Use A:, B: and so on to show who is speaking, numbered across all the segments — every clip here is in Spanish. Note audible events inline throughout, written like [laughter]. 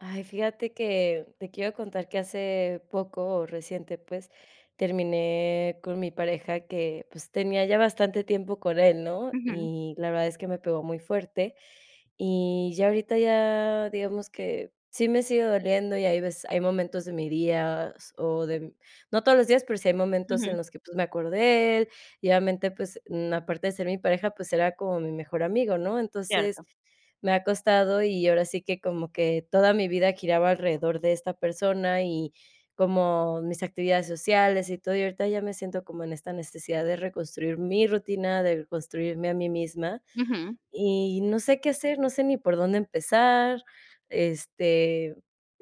A: Ay, fíjate que te quiero contar que hace poco o reciente, pues, terminé con mi pareja que, pues, tenía ya bastante tiempo con él, ¿no?
B: Ujú.
A: Y la verdad es que me pegó muy fuerte. Y ya ahorita ya, digamos que sí me sigue doliendo y hay veces hay momentos de mis días, o de mm no todos los días, pero sí hay momentos en
B: Ujú.
A: los que, pues, me acuerdo de él, y obviamente, pues, mm, aparte de ser mi pareja, pues era como mi mejor amigo, ¿no? Entonces
B: Cierto.
A: me ha costado y ahora sí que como que toda mi vida giraba alrededor de esta persona y, como mis actividades sociales y todo, y ahorita ya me siento como en esta necesidad de reconstruir mi rutina, de reconstruirme a mí misma.
B: Ujú.
A: Y no sé qué hacer. No sé ni por dónde empezar. Este,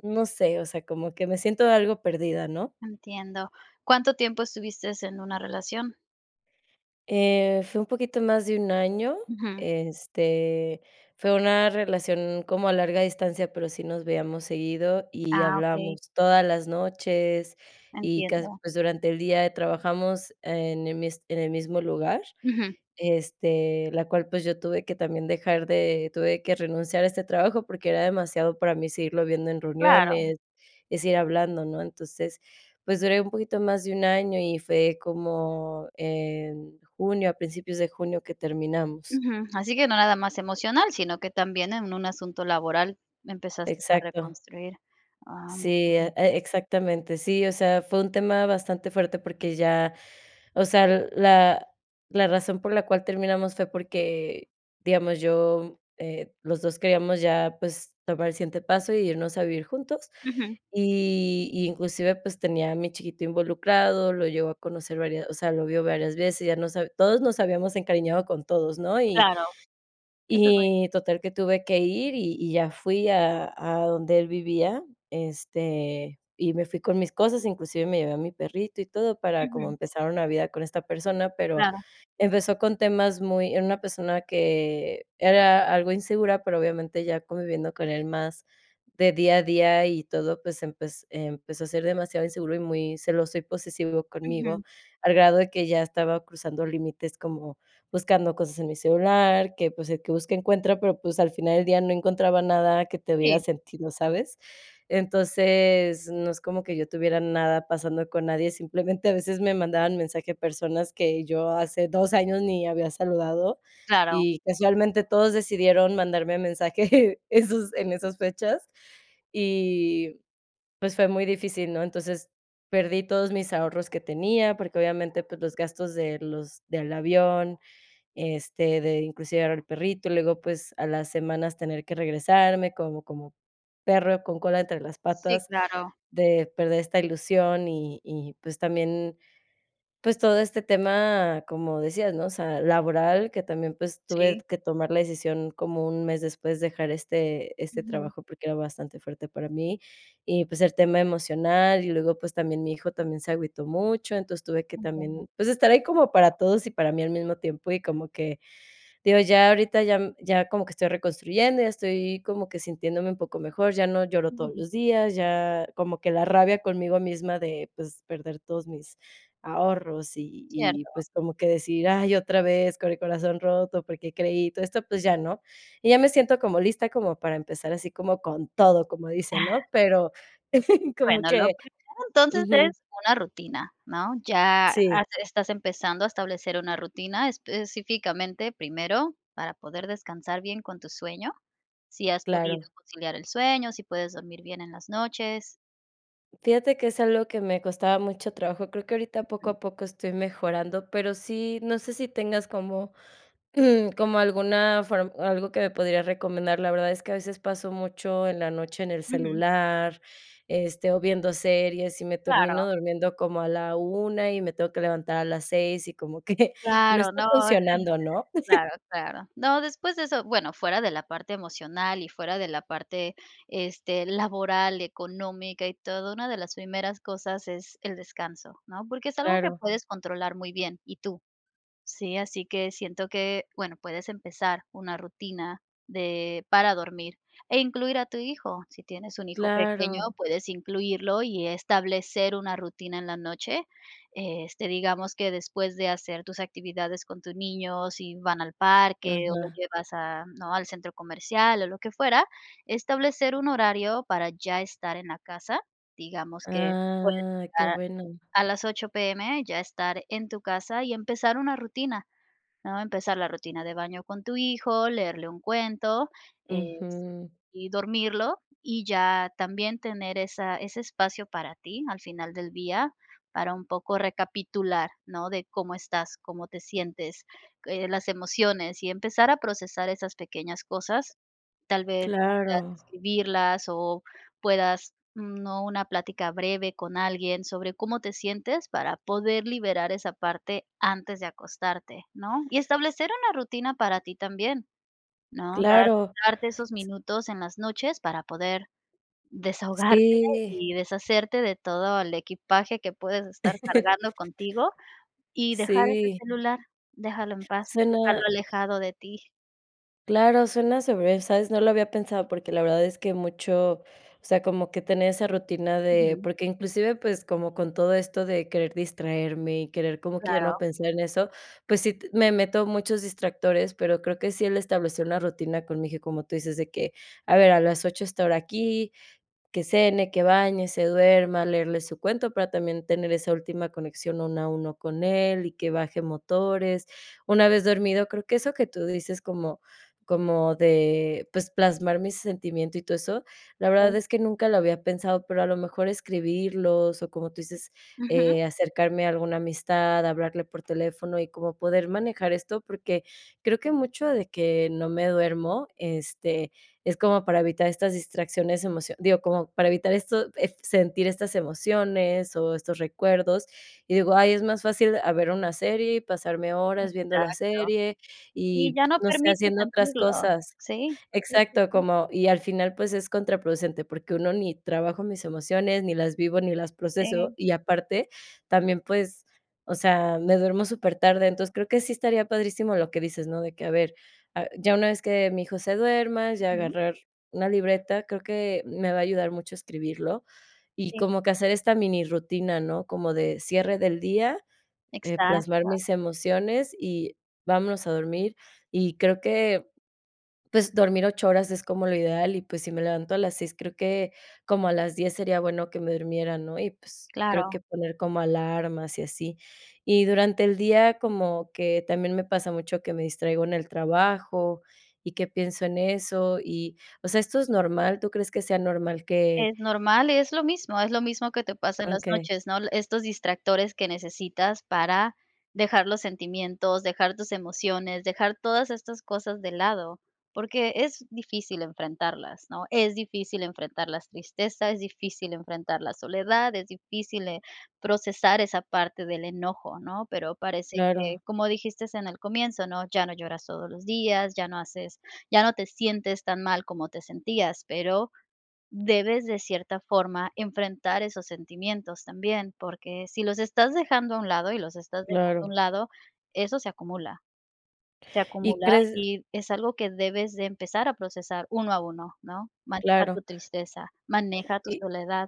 A: no sé, o sea, como que me siento algo perdida, ¿no?
B: Entiendo. ¿Cuánto tiempo estuviste en una relación?
A: Eh, fue un poquito más de un año.
B: Ujú.
A: Este, fue una relación como a larga distancia, pero sí nos veíamos seguido, y
B: Ah, okey.
A: hablábamos todas las noches y casi
B: Entiendo.
A: pues, durante el día, eh, trabajamos en el mis en el mismo lugar,
B: Ujú.
A: este, la cual, pues, yo tuve que también dejar de tuve que renunciar a este trabajo porque era demasiado para mí seguirlo viendo en
B: Claro.
A: reuniones y seguir hablando, ¿no? Entonces, pues, duré un poquito más de un año y fue como en junio, a principios de junio, que terminamos.
B: Ujú. Así que no nada más emocional, sino que también en un asunto laboral empezaste tarde a
A: Exacto.
B: construir. Ah,
A: Sí,
B: [unintelligible]
A: e exactamente. Sí, o sea, fue un tema bastante fuerte porque ya, o sea, la la razón por la cual terminamos fue porque, digamos, yo, mm, eh, los dos queríamos ya, pues, tomar el siguiente paso y irnos a vivir juntos.
B: Ujú.
A: Y, y, inclusive, pues, tenía a mi chiquito involucrado. Lo llegó a conocer varias o sea, lo vio varias veces, ya nos hab todos nos habíamos encariñado con todos, ¿no? Y
B: Claro. Eso es muy
A: y
B: difícil.
A: total que tuve que ir, y y ya fui a a donde él vivía, este, y me fui con mis cosas, inclusive me llevé a mi perrito y todo, para, como,
B: Ujú.
A: empezar una vida con esta persona. Pero
B: Claro.
A: empezó con temas muy era una persona que era algo insegura, pero, obviamente, ya conviviendo con él más de día a día y todo, pues, empez empezó a ser demasiado inseguro y muy celoso y posesivo
B: Ujú.
A: conmigo. Al grado de que ya estaba cruzando límites, como buscando cosas en mi celular, que, pues, el que busca encuentra, pero, pues, al final del día no encontraba nada que tuviera
B: Sí.
A: sentido, ¿sabes? Entonces, no es como que yo tuviera nada pasando con nadie. Simplemente, a veces me mandaban mensaje personas que yo hace 2 años ni había saludado,
B: Claro.
A: y casualmente todos decidieron mandarme mensaje, [chuckles] esos en esas fechas. Y, pues, fue muy difícil, ¿no? Entonces perdí todos mis ahorros que tenía porque obviamente, pues, los gastos de los del avión, este, de inclusive llevar al perrito. Luego, pues, a las semanas tener que regresarme, como como perro con cola entre las
B: Sí,
A: patas,
B: claro.
A: de perder esta ilusión y y, pues, también, pues todo este tema, como decías, ¿no?, o sea, laboral, que también, pues, tuve
B: Sí.
A: t que tomar la decisión, como un mes después, dejar este este
B: Ujú.
A: trabajo, porque era bastante fuerte para mí. Y, pues, el tema emocional. Y luego, pues, también mi hijo también se agüitó mucho. Entonces tuve que
B: Entiendo.
A: también, pues, estar ahí como para todos y para mí al mismo tiempo. Y como que digo ya ahorita ya, mm, ya como que estoy reconstruyendo. Ya estoy como que sintiéndome un poco mejor. Ya no lloro todos
B: Ujú.
A: los días, ya como que la rabia conmigo misma de, pues, perder todos mis ahorros y y y,
B: Cierto.
A: pues, como que decir: "Ay, otra vez con el corazón roto porque creí y todo esto", pues ya no. Y ya me siento como lista como para empezar así como con todo, como dicen, ¿no? Pero [chuckles] como
B: Bueno,
A: que
B: lo primero entonces
A: Ujú.
B: es una rutina, ¿no? Ya
A: Sí.
B: has estás empezando a establecer una rutina específicamente primero, para poder descansar bien con tu sueño. ¿Sí has podido
A: Claro.
B: conciliar el sueño?, ¿si puedes dormir bien en las noches?
A: Fíjate que es algo que me costaba mucho trabajo. Creo que ahorita, poco a poco, estoy mejorando, pero sí, no sé si tengas como, [clears throat] como alguna form algo que me pudieras recomendar. La verdad es que a veces paso mucho en la noche en el
B: Ujú.
A: celular, este, o viendo series y me
B: Claro.
A: termino durmiendo como a la 1 y me tengo que levantar a las 6 y como que no
B: Claro,
A: está
B: no,
A: funcionando,
B: [chuckles]
A: ¿no? [chuckles]
B: claro, claro. No, después de eso bueno, fuera de la parte emocional y fuera de la parte, este, laboral y económica y todo. Una de las primeras cosas es el descanso, ¿no?, porque es algo que
A: Claro.
B: puedes controlar muy bien, y tú sí, así que siento que, bueno, puedes empezar una rutina de para dormir e incluir a tu hijo. Si tienes un hijo pequeño,
A: Claro.
B: puedes incluirlo y establecer una rutina en la noche, este, digamos que después de hacer tus actividades con tu niño, si van al parque o lo
A: Ajá.
B: llevas a, ¿no?, al centro comercial o lo que fuera, establecer un horario para ya estar en la casa. Digamos que puedes
A: Ah, qué
B: estar
A: bueno.
B: a las 8:00 PM, ya estar en tu casa y empezar una rutina, ¿no? Empezar la rutina de baño con tu hijo, leerle un cuento, es
A: Ujú.
B: y dormirlo y ya también tener esa ese espacio para ti al final del día para un poco recapitular, ¿no?, de cómo estás, cómo te sientes, eh, las emociones, y empezar a procesar esas pequeñas cosas, tal vez puedas
A: Claro.
B: escribirlas o puedas, ¿no?, una plática breve con alguien sobre cómo te sientes para poder liberar esa parte antes de acostarte, ¿no? Y establecer una rutina para ti también, ¿no?, dar
A: Claro.
B: darte esos
A: S
B: minutos en las noches para poder, desahogarte
A: Sí.
B: y deshacerte de todo el equipaje que puedes estar
A: [chuckles]
B: cargando contigo y dejar ese
A: Sí.
B: celular, déjalo en paz, déjalo
A: Suena
B: alejado de ti.
A: Claro, suena se ve ¿sabes?, no lo había pensado porque la verdad es que mucho o sea, como que tener esa rutina de
B: Ujú.
A: porque inclusive pues como con todo esto de querer distraerme y querer como que ya
B: Claro.
A: no pensar en eso, pues sí t me meto muchos distractores, pero creo que sí, el establecer una rutina con mi hijo, como tú dices de que, a ver a las 8 estar aquí, que cene, que bañe, se duerma, leerle su cuento, para también tener esa última conexión uno a uno con él y que baje motores, una vez dormido creo que eso que tú dices como como de pues plasmar mi sentimiento y todo eso, la verdad
B: Okey.
A: es que nunca lo había pensado. Pero a lo mejor escribirlos o como tú dices,
B: Ujú.
A: eh, acercarme a alguna amistad, hablarle por teléfono y como poder manejar esto. Porque creo que mucho de que no me duermo, este, es como para evitar estas distracciones, emocio digo, como para evitar esto, ef sentir estas emociones o estos recuerdos, y digo: "Ay, es más fácil a ver una serie y pasarme horas viendo la
B: Exacto.
A: serie
B: Y
A: y
B: ya no
A: no sé,
B: permites
A: haciendo otras
B: sentirlo,
A: cosas".
B: sí. Sí, sí,
A: Exacto,
B: sí.
A: como y al final, pues es contraproducente porque 1, ni trabajo mis emociones, ni las vivo, ni las proceso,
B: Sí.
A: y aparte también, pues, o sea, me duermo súper tarde. Entonces, creo que sí estaría padrísimo lo que dices, ¿no?, de que a ver, a ya una vez que mi hijo se duerma, ya
B: Ujú.
A: agarrar una libreta. Creo que me va a ayudar mucho escribirlo y
B: Sí.
A: como que hacer esta mini rutina, ¿no?, como de cierre del día, eh, plasmar
B: Exacto.
A: mis emociones y vámonos a dormir y creo que pues dormir 8 horas es como lo ideal y pues si me levanto a las 6, creo que como a las 10 sería bueno que me durmiera, ¿no? Y pues creo
B: Claro.
A: que poner como alarmas y así. Y durante el día como que también me pasa mucho que me distraigo en el trabajo y que pienso en eso y, o sea, ¿esto es normal, tú crees que sea normal que
B: Es normal y es lo mismo, es lo mismo que te pasa en
A: on
B: las
A: qué.
B: noches, ¿no?, el estos distractores que necesitas para dejar los sentimientos, dejar tus emociones, dejar todas estas cosas de lado porque es difícil enfrentarlas, ¿no? Es difícil enfrentar las tristeza, es difícil enfrentar la soledad, es difícil, eh, procesar esa parte del enojo, ¿no?, pero parece que
A: Claro.
B: como dijiste en el comienzo, ¿no?, ya no lloras todos los días, ya no haces ya no te sientes tan mal como te sentías, pero debes de cierta forma enfrentar esos sentimientos también porque si los estás dejando a un lado y los estás dejando a un
A: Claro.
B: lado, eso se acumula, se
A: ¿Y
B: acumula
A: crees?
B: y es algo que debes de empezar a procesar, uno a uno, ¿no? Maneja
A: Claro.
B: tu tristeza, maneja tu
A: Y
B: soledad.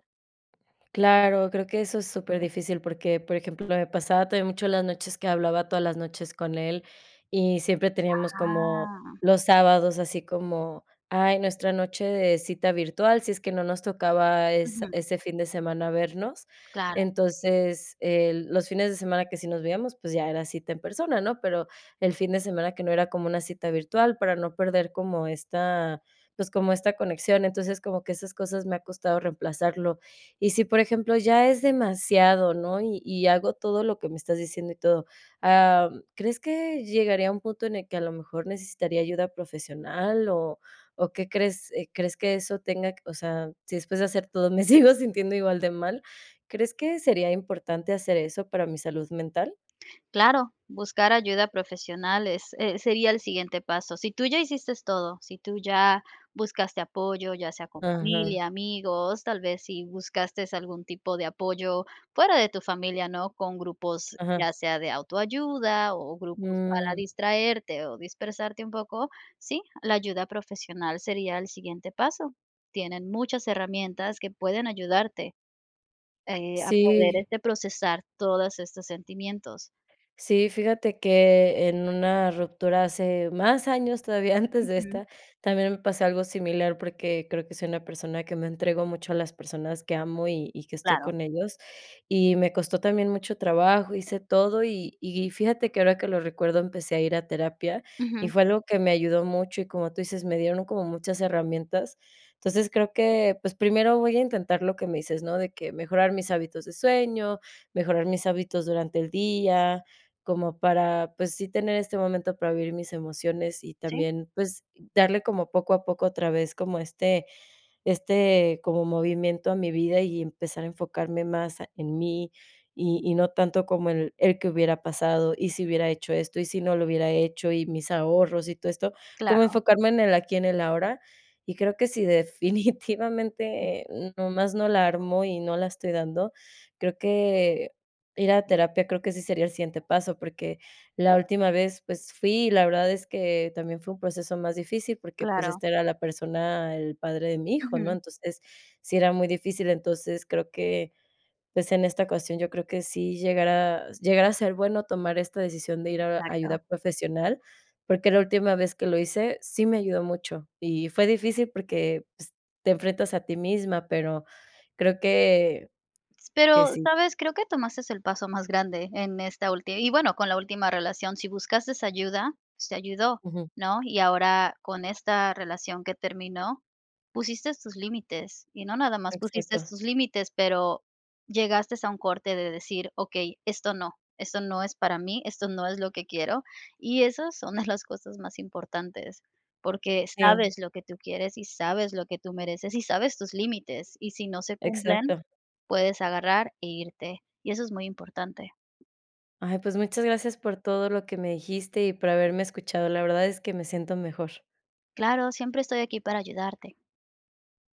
A: Claro, creo que eso es súper difícil porque, por ejemplo, me pasaba todavía mucho en las noches que hablaba todas las noches con él y siempre teníamos como
B: Ah.
A: los sábados, así como, ay, nuestra noche de cita virtual, si es que no nos tocaba es
B: Ujú.
A: ese fin de semana vernos.
B: Claro.
A: Entonces, eh, los fines de semana que sí nos veíamos, pues ya, era cita en persona, ¿no?, pero el fin de semana que no, era como cita virtual para no perder como esta, pues, como esta conexión. Entonces, como que esas cosas me ha costado reemplazarlo. Y si, por ejemplo, ya es demasiado, ¿no?, y y hago todo lo que me estás diciendo y todo, am, ¿crees que llegaría un punto en el que a lo mejor necesitaría ayuda profesional o o qué crees, eh, crees que eso tenga c o sea, si después de hacer todo, me sigo sintiendo igual de mal, ¿crees que sería importante hacer eso para mi salud mental?
B: Claro. Buscar ayuda profesional, es eh, sería el siguiente paso. Si tú ya hiciste todo, si tú ya buscaste apoyo, ya sea con
A: Ajá.
B: familia, amigos, tal vez si buscaste algún tipo de apoyo fuera de tu familia, ¿no?, con grupos, ya
A: Ajá.
B: sea de autoayuda o grupos para
A: Mm.
B: distraerte o dispersarte un poco, sí, la ayuda profesional sería el siguiente paso. Tienen muchas herramientas que pueden ayudarte, eh, a poder,
A: Sí.
B: este, procesar todas estas sentimientos.
A: Sí, fíjate que en una ruptura hace más años todavía antes de
B: Ujú.
A: esta, también me pasó algo similar porque creo que soy una persona que me entrego mucho a las personas que amo y y que estoy
B: Claro.
A: con ellos, y me costó también mucho trabajo, hice todo y y fíjate que ahora que lo recuerdo empecé a ir a terapia y
B: Ujú.
A: fue algo que me ayudó mucho y como tú dices, me dieron un como muchas herramientas. Entonces, creo que pues primero voy a intentar lo que me dices, ¿no?, de que mejorar mis hábitos de sueño, mejorar mis hábitos durante el día, como para pues, sí tener este momento para vivir mis emociones y
B: Sí.
A: también pues darle como poco a poco otra vez como este este como movimiento a mi vida y empezar a enfocarme más en mí y y no tanto como el el "¿que hubiera pasado? ¿Y si hubiera hecho esto y si no lo hubiera hecho y mis ahorros?, y todo esto", como
B: Claro.
A: enfocarme en el aquí, en el ahora. Y creo que sI,
B: Mm.
A: definitivamente nomás no la armo y no la estoy dando, creo que ir a terapia creo que sí sería el siguiente paso, porque la última vez, pues fui y la verdad es que también fue un proceso más difícil porque pues
B: Claro.
A: esta era la persona, el padre de mi hijo, ¿no?
B: Ujú.
A: Entonces, sí era muy difícil, entonces creo que pues en esta ocasión yo creo que sí llegar a s llegar a ser bueno tomar esta decisión de ir a a ayuda
B: Exacto.
A: profesional. Porque la última vez que lo hice, sí me ayudó mucho. Y fue difícil porque, pues, te enfrentas a ti misma, pero creo que
B: S
A: que
B: pero,
A: sí.
B: ¿sabes?, creo que tomaste el paso más grande en esta últi y bueno, con la última relación, si buscaste ayuda, te ayudó,
A: Ujú.
B: ¿no? Y ahora, con esta relación que terminó, pusiste tus límites, y no nada más pusiste
A: Exacto.
B: tus límites, pero llegaste a un corte de decir: "Okey, esto no, esto no es para mí, esto no es lo que quiero", y esas son de las cosas más importantes, porque
A: Sí.
B: sabes lo que tú quieres y sabes lo que tú mereces y sabes tus límites y si no se cumplen
A: Exacto.
B: puedes agarrar e irte, y eso es muy importante.
A: Ay, pues muchas gracias por todo lo que me dijiste y por haberme escuchado. La verdad es que me siento mejor.
B: Claro. Siempre estoy aquí para ayudarte.